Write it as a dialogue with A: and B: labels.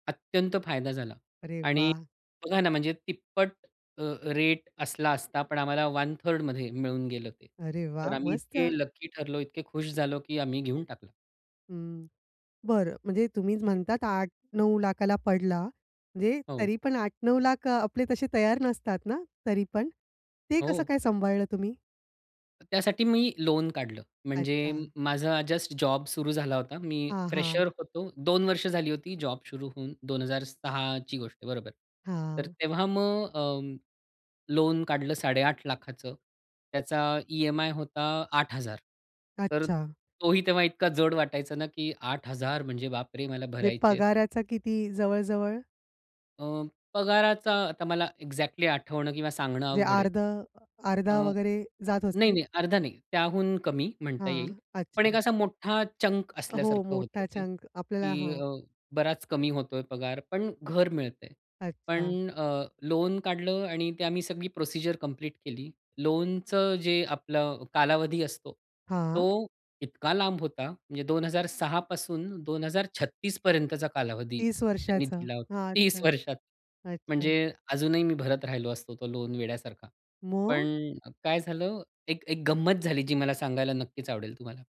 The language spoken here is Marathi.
A: अत्यंत फायदा झाला.
B: अरे
A: आणि
B: वाह!
A: बघा ना म्हणजे तिप्पट अ, रेट असला असता, पण आम्हाला 1/3rd मध्ये मिळून गेलं ते.
B: अरे
A: तर
B: वाह!
A: आम्ही इतके
B: मस्त.
A: लकी ठरलो, इतके खुश झालो की आम्ही घेऊन टाकलं.
B: हं. बरं. म्हणजे तुम्हीच म्हणतात 800,000-900,000 ला पडला, म्हणजे
A: हो.
B: तरी पण 800,000-900,000 आपले तसे तयार नसतात ना, तरी पण? ते कसं
A: हो.
B: काय सांभाळलं तुम्ही?
A: त्यासाठी मी लोन काढलं. म्हणजे
B: अच्छा.
A: माझा जस्ट जॉब सुरू झाला होता. मी
B: हां, हां.
A: फ्रेशर होतो. 2 वर्ष झाली होती जॉब सुरू होऊन, 2006ची गोष्ट आहे, बरोबर. तर
B: हां.
A: तेव्हा मग अ, लोन काढलं 8,50,000 त्याचा ई-एम-आय होता 8,000 तर
B: अच्छा.
A: तोही तेव्हा इतका जड वाटायचा ना, की 8,000 म्हणजे बाप रे! मला
B: जे
A: भरायचे आहेत.
B: पगाराचा किती जवळ-जवळ?
A: अ, पगाराचा आता मला एक्झॅक्टली आठवणं किंवा सांगणं
B: जे
A: अवघड आहे.
B: अर्धं, अर्धा
A: अ.
B: वगैरे जात असेल?
A: नाही-नाही, अर्धा नाही. त्याहून कमी म्हणता येईल.
B: हां.
A: पण
B: अच्छा.
A: एक असा मोठा चंक
B: हो.
A: असल्यासारखं होतं
B: मोठा
A: ते
B: चंक. आपल्याला
A: की
B: हां.
A: अ, बराच कमी होतोय पगार, पण घर मिळतंय.
B: अच्छा.
A: पण अ, लोन काढलं आणि ते आम्ही सगळी प्रोसिजर कंप्लीट केली. लोनचं जे आपलं कालावधी असतो,
B: हां.
A: तो इतका लांब होता. म्हणजे 2006 पासून 2036 पर्यंतचा कालावधी
B: 30
A: त्यांनी
B: वर्षाचा.
A: दिला होता.
B: हां.
A: 30
B: अच्छा
A: वर्षात.
B: अच्छा.
A: म्हणजे अजूनही मी भरत राहिलो असतो तो लोन वेड्यासारखा.
B: मग?
A: पण काय झालं? एक एक गंमत झाली जी मला सांगायला नक्कीच आवडेल तुम्हाला.